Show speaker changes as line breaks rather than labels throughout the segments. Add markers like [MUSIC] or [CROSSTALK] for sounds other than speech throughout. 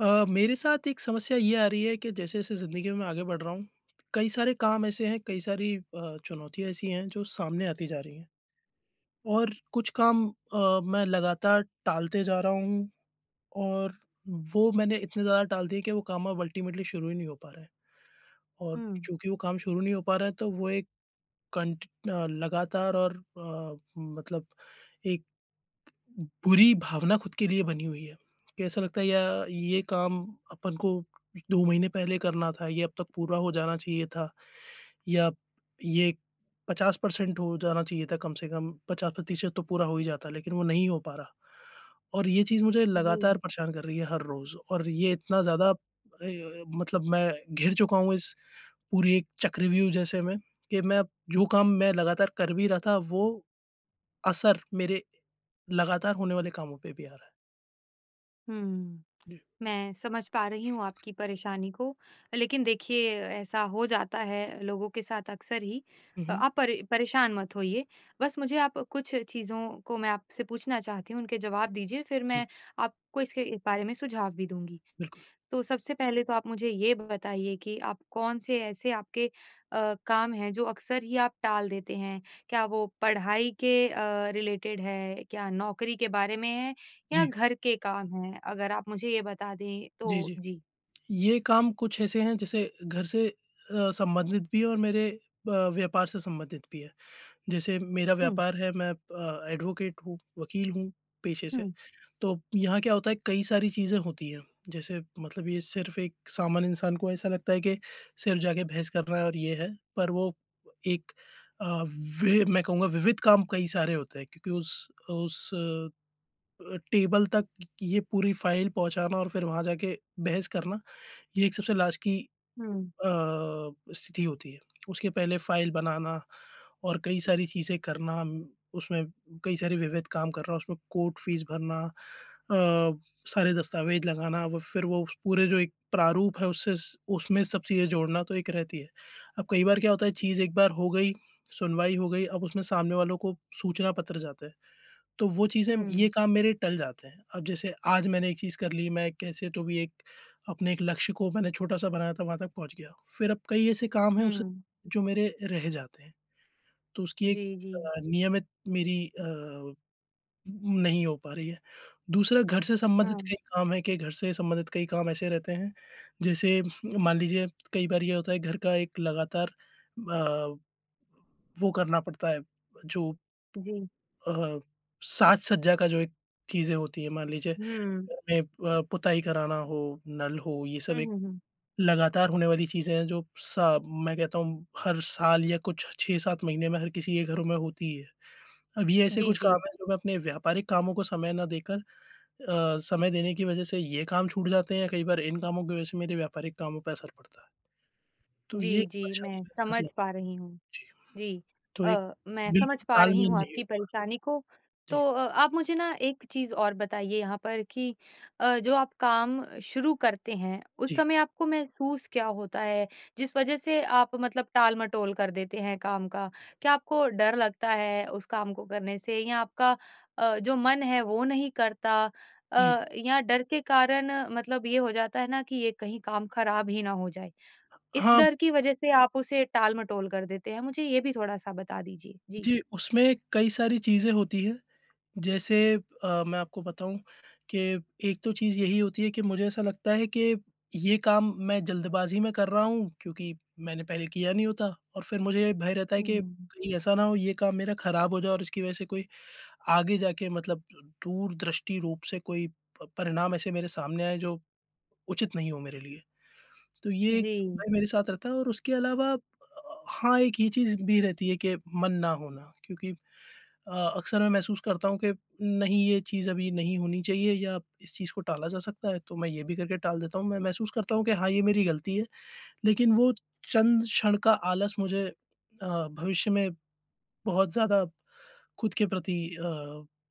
अ, मेरे साथ एक समस्या ये आ रही है कि जैसे-जैसे ज़िंदगी में मैं आगे बढ़ रहा हूँ, कई सारे काम ऐसे हैं, कई सारी अ, चुनौतियाँ ऐसी हैं जो सामने आती जा रही हैं। और कुछ काम अ, मैं लगातार टालते जा रहा हूँ और वो मैंने इतने ज़्यादा टाल दिए कि वो काम अब अल्टीमेटली शुरू ही नहीं हो पा रहे हैं। और
हुँ।
चूंकि वो काम शुरू नहीं हो पा रहे हैं तो वो एक कांट अ, लगातार और अ, मतलब एक बुरी भावना खुद के लिए बनी हुई है। कि ऐसा लगता है यह, ये काम अपन को 2 महीने पहले करना था, ये अब तक पूरा हो जाना चाहिए था या ये 50% हो जाना चाहिए था कम से कम। 50% तो पूरा हो ही जाता लेकिन वो नहीं हो पा रहा। और ये चीज़ मुझे लगातार
जी।
परेशान कर रही है हर रोज़ और ये इतना ज़्यादा अ, मतलब मैं घिर चुका हूँ इस पूरी एक चक्रव्यूह जैसे में कि अब मैं जो काम मैं लगातार कर भी रहा था वो असर मेरे लगातार होने वाले कामों पे भी आ रहा है।
हुँ। मैं समझ पा रही हूँ आपकी परेशानी को। लेकिन देखिए ऐसा हो जाता है लोगों के साथ अक्सर ही,
उ, हुँ।
आप परे परेशान मत होइए। बस मुझे आप कुछ चीज़ों को मैं आपसे पूछना चाहती हूँ, उनके जवाब दीजिए फिर
जी।
मैं आपको इसके बारे में सुझाव भी दूँगी।
बिल्कुल।
तो सबसे पहले तो आप मुझे ये बताइए कि आप कौन-से ऐसे आपके अ, काम हैं जो अक्सर ही आप टाल देते हैं। क्या वो पढ़ाई के अ, रिलेटेड है? क्या नौकरी के बारे में है या
जी।
घर के काम हैं? अगर आप मुझे ये बता दें
जी,
तो
जी।
जी।
ये काम कुछ ऐसे हैं जैसे घर से अ, संबंधित भी हैं और मेरे अ, व्यापार से संबंधित भी हैं। जैसे मेरा
हुँ।
व्यापार है, मैं अ, एडवोकेट हूँ, वकील हूँ पेशे से।
हुँ।
तो यहाँ क्या होता है, कई सारी चीज़ें होती हैं। जैसे मतलब ये सिर्फ़ एक सामान्य इंसान को ऐसा लगता है के सिर्फ़ जाके बहस करना है और ये है। पर वो एक अ, वि मैं कहूँगा विविध काम कई सारे होते हैं क्योंकि उस उस अ अ, टेबल तक ये पूरी फाइल पहुँचाना और फिर वहाँ जाके बहस करना, यह एक सबसे लास्ट की
हुँ।
अ, स्थिति होती है। [CLICKS TONGUE] उसके पहले फाइल बनाना और कई सारी चीज़ें करना, उसमें कई सारे विविध काम करना, उसमें कोर्ट फ़ीस भरना, अ, सारे दस्तावेज़ लगाना और फिर वो [WHISTLES] पूरे जो एक प्रारूप है उससे उसमें सब चीज़ें जोड़ना तो एक रहती है। अब कई बार क्या होता है चीज़ एक बार हो गई, सुनवाई हो गई, अब उसमें सामने वालों को सूचना पत्र जाता है। तो वो चीज़ें ये
हुँ।
काम मेरे टल जाते हैं। अब जैसे आज मैंने एक चीज़ कर ली, मैं कैसे तो भी एक अपने एक लक्ष्य को मैंने छोटा-सा बनाया था, वहाँ तक पहुँच गया। फिर अब कई ऐसे काम हैं उस
हुँ।
जो मेरे रह जाते हैं। तो उसकी एक
जी, जी।
अ, नियमित मेरी अ, नहीं हो पा रही है। दूसरा घर से संबंधित
हाँ।
कई काम हैं कि घर से संबंधित कई काम ऐसे रहते हैं, जैसे मान लीजिए [CLICKS TONGUE] कई बार ये होता है घर का एक लगातार अ, वो करना पड़ता है जो।
जी।
अ, साज-सज्जा का जो एक चीज़ें होती है मान लीजिए।
हुँ।
घर में अ, पुताई कराना हो, नल हो, ये सब
हुँ,
एक
हुँ, हुँ।
लगातार होने वाली चीज़ें हैं जो सा मैं कहता हूँ हर साल या कुछ 6-7 महीने में हर किसी के घरों में होती है। अब ये ऐसे
जी,
कुछ काम
जी।
हैं जो मैं अपने व्यापारिक कामों को समय न देकर अ, समय देने की वज़ह से ये काम छूट जाते हैं या कई बार इन कामों की वज़ह से मेरे व्यापारिक कामों पे असर पड़ता है। तो ये
जी, जी,
परेशानी
मैं
मेरे साथ
समझ
लग
पा रही हूँ।
जी।
जी,
तो एक
अ, मैं समझ
बिल्कुल
पा रही
तालमेल
हूँ
नहीं हो
आपकी
पा
परेशानी को।
रहा।
तो
जी।
अ, आप मुझे ना एक चीज़ और बताइए यहाँ पर कि अ, जो आप काम शुरू करते हैं, उस
जी।
समय आपको महसूस क्या होता है, जिस वजह से आप मतलब टाल-मटोल कर देते हैं काम का। क्या आपको डर लगता है उस काम को करने से या आपका अ, जो मन है वो नहीं करता?
जी।
अ, या डर के कारण मतलब ये हो जाता है ना कि यह कहीं काम ख़राब ही ना हो जाए। इस
हाँ।
डर की वजह से आप उसे टाल-मटोल कर देते हैं? मुझे ये भी थोड़ा-सा बता दीजिए। जी।
जी, उसमें कई सारी चीज़ें होती हैं। जैसे अ, मैं आपको बताऊँ कि एक तो चीज़ यही होती है कि मुझे ऐसा लगता है कि ये काम मैं जल्दबाज़ी में कर रहा हूँ क्योंकि मैंने पहले किया नहीं होता और फिर मुझे भय रहता है कि
हुँ।
कहीं ऐसा ना हो, यह काम मेरा खराब हो जाए और इसकी वज़ह से कोई आगे जाके मतलब दूरदृष्टि रूप से कोई प परिणाम ऐसे मेरे सामने आए जो उचित नहीं हो मेरे लिए। तो ये एक
जी।
भय मेरे साथ रहता है और उसके अलावा अ, हाँ, एक ये चीज़ भी रहती है कि मन ना होना क्योंकि अ, अक्सर मैं महसूस करता हूँ कि नहीं, यह चीज़ अभी नहीं होनी चाहिए या इस चीज़ को टाला जा सकता है, तो मैं यह भी करके टाल देता हूँ। मैं महसूस करता हूँ कि हाँ, ये मेरी गलती है, लेकिन वो चंद क्षण का आलस मुझे अ, भविष्य में बहुत ज़्यादा खुद के प्रति अ,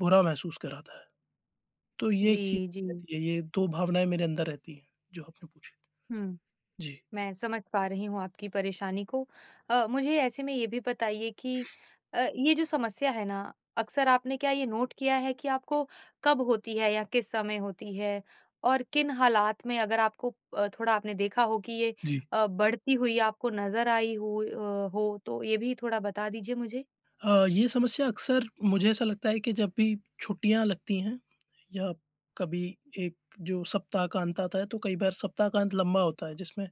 बुरा महसूस कराता है। तो ये एक चीज़
जी, जी।
रहती है। ये 2 भावनाएँ मेरे अंदर रहती हैं जो आपने पूछी।
हुँ।
जी।
मैं समझ पा रही हूँ आपकी परेशानी को। अ, मुझे ऐसे में ये भी बताइए कि अ, ये जो समस्या है ना अक्सर आपने क्या ये नोट किया है कि आपको कब होती है या किस समय होती है और किन हालात में अगर आपको थोड़ा आपने देखा हो कि ये
जी।
अ, बढ़ती हुई आपको नज़र आई हो अ, हो तो ये भी थोड़ा बता दीजिए मुझे।
अ, ये समस्या अक्सर मुझे ऐसा लगता है कि जब भी छुट्टियाँ लगती हैं या कभी एक जो ससप्ताह का अंत आता है तो कई बार सप्ताह का अंत लंबा होता है, जिसमें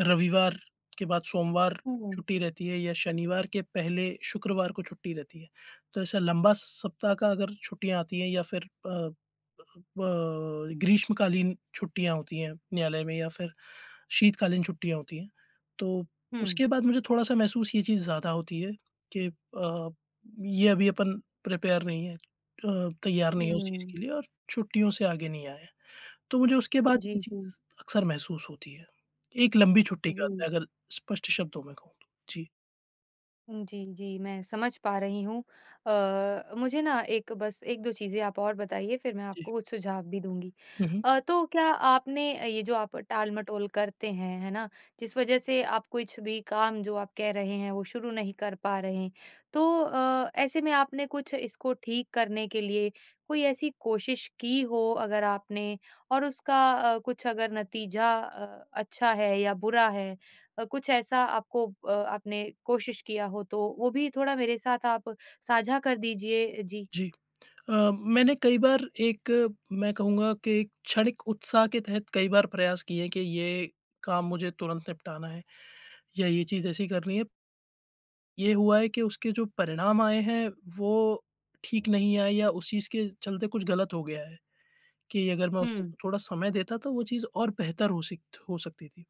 रविवार के बाद सोमवार
हुँ।
छुट्टी रहती है या शनिवार के पहले शुक्रवार को छुट्टी रहती है। तो ऐसा लंबा स स सप्ताह का अगर छुट्टियाँ आती हैं या फिर अ अ अ, ग्रीष्मकालीन छुट्टियाँ होती हैं, न्यायालय में या फिर शीतकालीन छुट्टियाँ होती हैं, तो
हुँ।
उसके बाद मुझे थोड़ा-सा महसूस ये चीज़ ज़्यादा होती है कि अ, ये अभी अपन प्रिपेयर नहीं है, अ, तैयार नहीं है उस चीज़ के
हुँ।
लिए और छुट्टियों से आगे नहीं आए हैं। तो मुझे उसके बाद ये
जी, जी।
चीज़ अक्सर महसूस होती है। एक लंबी छुट्टी के
जी।
बाद अगर स्पष्ट शब्दों में कहूँ तो। जी।
उम, जी, जी, मैं समझ पा रही हूँ। अ अ, मुझे ना एक बस 1-2 चीज़ें आप और बताइए, फिर मैं
जी।
आपको कुछ सुझाव भी दूँगी।
हुँ, हुँ।
अ, तो क्या आपने अ, ये जो आप टाल-मटोल करते हैं, है ना, जिस वजह से आप कुछ भी काम जो आप कह रहे हैं, वो शुरू नहीं कर पा रहें। तो अ, ऐसे में आपने कुछ इसको ठीक करने के लिए कोई ऐसी कोशिश की हो अगर आपने, और उसका अ, कुछ अगर नतीजा अ, अच्छा है या बुरा है अ, कुछ ऐसा आपको अ, आपने कोशिश किया हो, तो वो भी थोड़ा मेरे साथ आप साझा कर दीजिए। अ, जी।
जी। अ, मैंने कई बार एक, मैं कहूँगा कि एक क्षणिक उत्साह के तहत कई बार प्रयास किए कि ये काम मुझे तुरंत निपटाना है या ये चीज़ ऐसी करनी है। ये हुआ है कि उसके जो परिणाम आए हैं, वो ठीक नहीं आए या उस चीज़ के चलते कुछ गलत हो गया है, कि अगर मैं उसे
हुँ।
थोड़ा समय देता, तो वो चीज़ और बेहतर हो सिक्त हो सकती थी।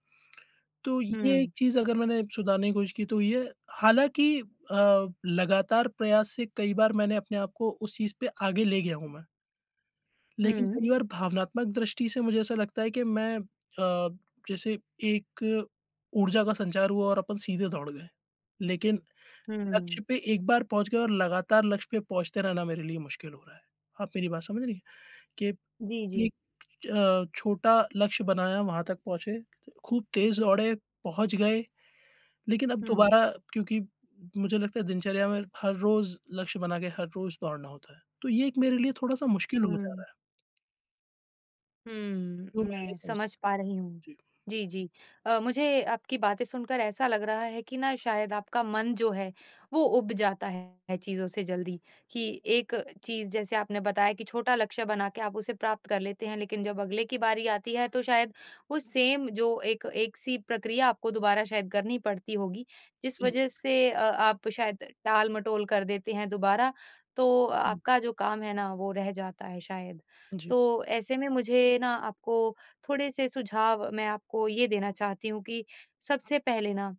तो
हुँ,
ये एक
हुँ।
चीज़ अगर मैंने सुधारने की कोशिश की तो ये हालाँकि अ, लगातार प्रयास से कई बार मैंने अपने आप को उस चीज़ पे आगे ले गया हूँ मैं। लेकिन
हुँ।
कई बार भावनात्मक दृष्टि से मुझे ऐसा लगता है कि मैं अ, जैसे एक ऊर्जा का संचार हुआ और अपन सीधे दौड़ गए। लेकिन लक्ष्य
हुँ।
पे एक बार पहुँच गए और लगातार लक्ष्य पे पहुँचते रहना मेरे लिए मुश्किल हो रहा है। आप मेरी बात समझ रही हैं, कि
जी, जी।
एक अ, छोटा लक्ष्य बनाया, वहाँ तक पहुँचे, खूब तेज़ दौड़े, पहुँच गए, लेकिन अब
हुँ।
दोबारा क्योंकि मुझे लगता है दिनचर्या में हर रोज़ लक्ष्य बना के हर रोज़ दौड़ना होता है। तो ये एक मेरे लिए थोड़ा-सा मुश्किल हो जा
हुँ।
रहा है।
हूँ,
वो मैं नहीं
मैं
समझ
समझ पा रही हूँ,
जी।
जी, जी, अ, मुझे आपकी बातें सुनकर ऐसा लग रहा है कि ना शायद आपका मन जो है, वो उब जाता है चीज़ों से जल्दी, कि एक चीज जैसे आपने बताया कि छोटा लक्ष्य बनाके आप उसे प्राप्त कर लेते हैं, लेकिन जब अगले की बारी आती है तो शायद वो सेम जो एक एक-सी प्रक्रिया आपको दोबारा शायद करनी पड़ती होगी, जिस
जी।
वजह से अ, आप शायद टाल-मटोल कर देते हैं दोबारा, तो
हुँ।
आपका जो काम है ना वो रह जाता है शायद।
जी।
तो ऐसे में मुझे ना आपको थोड़े-से सुझाव मैं आपको ये देना चाहती हूँ कि सबसे पहले ना,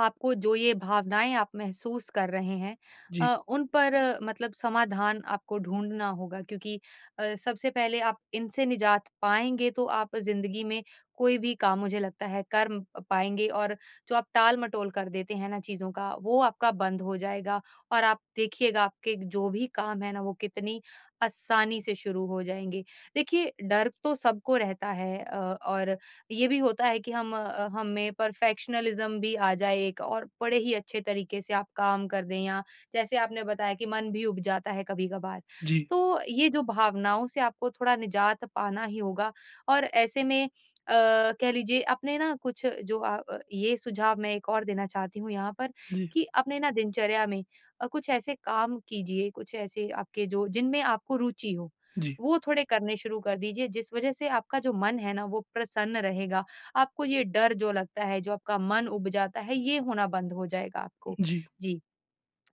आपको जो ये भावनाएँ आप महसूस कर रहे हैं,
जी।
अ, उन पर मतलब समाधान आपको ढूँढना होगा क्योंकि अ, सबसे पहले आप इनसे निजात पाएँगे तो आप ज़िंदगी में कोई भी काम मुझे लगता है कर म पाएँगे और जो आप टाल-मटोल कर देते हैं ना चीज़ों का वो आपका बंद हो जाएगा और आप देखिएगा आपके जो भी काम हैं ना, वो कितनी आसानी से शुरू हो जाएँगे। देखिए डर तो सबको रहता है अ, और ये भी होता है कि हम अ, हमें परफेक्शनिज़्म भी आ जाए एक और बड़े ही अच्छे तरीके से आप काम कर दें या जैसे आपने बताया कि मन भी उब जाता है कभी-कभार।
जी।
तो, ये जो भावनाओं से आपको थोड़ा निजात पाना ही होगा और ऐसे में अ, कह लीजिए आपने ना कुछ जो अ अ, ये सुझाव मैं 1 और देना चाहती हूँ यहाँ पर,
जी।
कि अपने ना दिनचर्या में अ, कुछ ऐसे काम कीजिए, कुछ ऐसे आपके जो जिनमें आपको रुचि हो
जी।
वो थोड़े करने शुरू कर दीजिए जिस वजह से आपका जो मन है ना वो प्रसन्न रहेगा। आपको ये डर जो लगता है, जो आपका मन उब जाता है, ये होना बंद हो जाएगा आपको,
जी।
जी।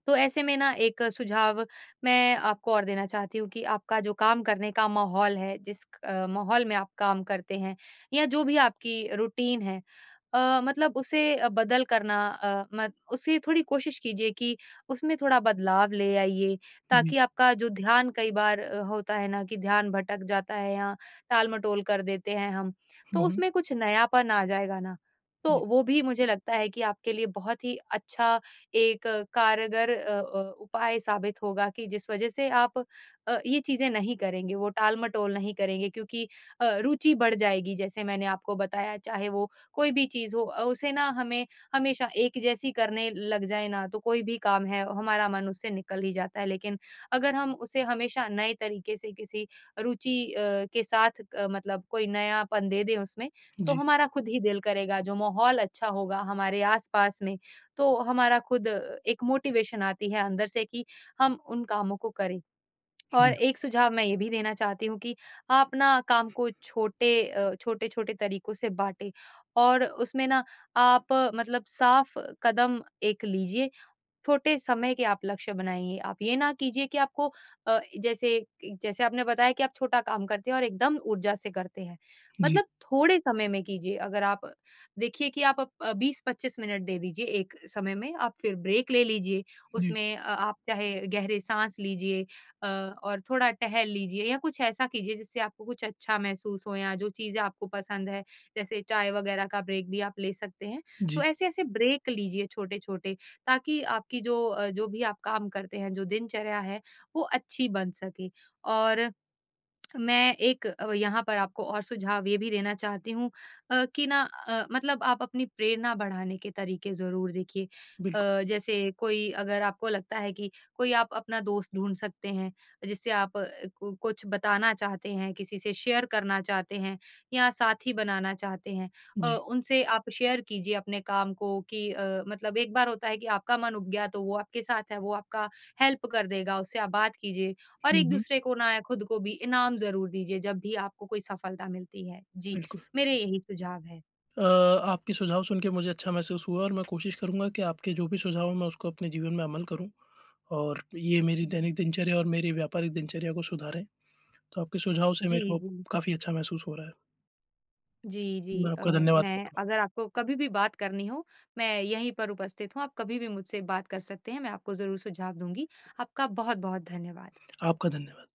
तो ऐसे में 1 सुझाव मैं आपको और देना चाहती हूँ कि आपका जो काम करने का माहौल है, जिस क माहौल में आप काम करते हैं, या जो भी आपकी रूटीन है अ, मतलब उसे बदल करना, अ, म उसे थोड़ी कोशिश कीजिए कि उसमें थोड़ा बदलाव ले आइए,
जी।
ताकि आपका जो ध्यान कई बार अ, होता है ना कि ध्यान भटक जाता है या टाल-मटोल कर देते हैं हम, तो
हुँ, हुँ।
उसमें कुछ नयापन आ जाएगा ना, तो
जी।
वो भी मुझे लगता है कि आपके लिए बहुत ही अच्छा एक कारगर अ अ, उपाय साबित होगा कि जिस वजह से आप अ, ये चीजें नहीं करेंगे, वो टाल-मटोल नहीं करेंगे। क्योंकि अ, रुचि बढ़ जाएगी जैसे मैंने आपको बताया चाहे वो कोई भी चीज़ हो अ, उसे ना हमें, हमेशा एक जैसी करने लग जाएँ ना तो कोई भी काम है, हमारा मन उससे निकल ही जाता है। लेकिन अगर हम उसे हमेशा नए तरीके से किसी रुचि अ, के साथ क मतलब कोई नयापन दे दें उसमें, तो
जी।
हमारा खुद ही दिल करेगा, जो माहौल अच्छा होगा हमारे आस-पास में, तो हमारा खुद अ, एक मोटिवेशन आती है अंदर से कि हम उन कामों को करें। और
जी।
एक सुझाव मैं ये भी देना चाहती हूँ कि आप ना काम को छोटे अ, छोटे-छोटे तरीकों से बाँटे और उसमें न आप मतलब साफ कदम एक लीजिए, छोटे समय के आप लक्ष्य बनाइए। आप ये ना कीजिए कि आपको अ, जैसे कि जैसे आपने बताया कि आप छोटा काम करते हैं और एकदम ऊर्जा से करते हैं,
जी।
मतलब थोड़े समय में कीजिए, अगर आप देखिए कि आप ब 20-25 मिनट दे दीजिए एक समय में आप फिर ब्रेक ले लीजिए।
जी।
उसमें अ, आप चाहे गहरे साँस लीजिए अ, और थोड़ा टहल लीजिए या कुछ ऐसा कीजिए जिससे आपको कुछ अच्छा महसूस हो या जो चीजें आपको पसंद है, जैसे चाय वगैरह का ब्रेक भी आप ले सकते हैं। तो
जी।
ऐसे-ऐसे ब्रेक लीजिए छोटे-छोटे ताकि आपकी जो अ, जो भी आप काम करते हैं, जो दिनचर्या है, वो अच्छी बन सके। और मैं एक अब यहाँ पर आपको और सुझाव ये भी देना चाहती हूँ अ, कि ना अ, मतलब आप अपनी प्रेरणा बढ़ाने के तरीके ज़रूर देखिए
बिल्कु
अ, जैसे कोई अगर आपको लगता है कि कोई आप अपना दोस्त ढूँढ सकते हैं, जिससे आप क कुछ बताना चाहते हैं, किसी से शेयर करना चाहते हैं, या साथी बनाना चाहते हैं, अ,
जी।
उनसे आप शेयर कीजिए अपने काम को कि अ, मतलब एक बार होता है कि आपका मन उब गया तो वो आपके साथ है, वो आपका हेल्प कर देगा, उससे आप बात कीजिए और
हुँ, हुँ।
एक-दूसरे को ना या खुद को भी इनाम ज़रूर दीजिए जब भी आपको कोई सफलता मिलती है। जी,
बिल्कुल।
मेरे यही सुझाव हैं।
अ, आपके सुझाव सुनके मुझे अच्छा महसूस हुआ और मैं कोशिश करूँगा कि आपके जो भी सुझाव हों मैं उसको अपने जीवन में अमल करूँ और ये मेरी दैनिक दिनचर्या और मेरी व्यापारिक दिनचर्या को सुधारें। तो आपके सुझाव से
जी,
मेरे को
जी।
काफ़ी अच्छा महसूस हो रहा है।
जी, जी।
मैं
अ,
आपका धन्यवाद
मैं
करता हूँ।
अगर आपको कभी भी बात करनी हो मैं यहीं पर उपस्थित हूँ आप कभी भी मुझसे बात कर सकते हैं, मैं आपको ज़रूर सुझाव दूँगी। आपका बहुत-बहुत धन्यवाद।
आपका धन्यवाद।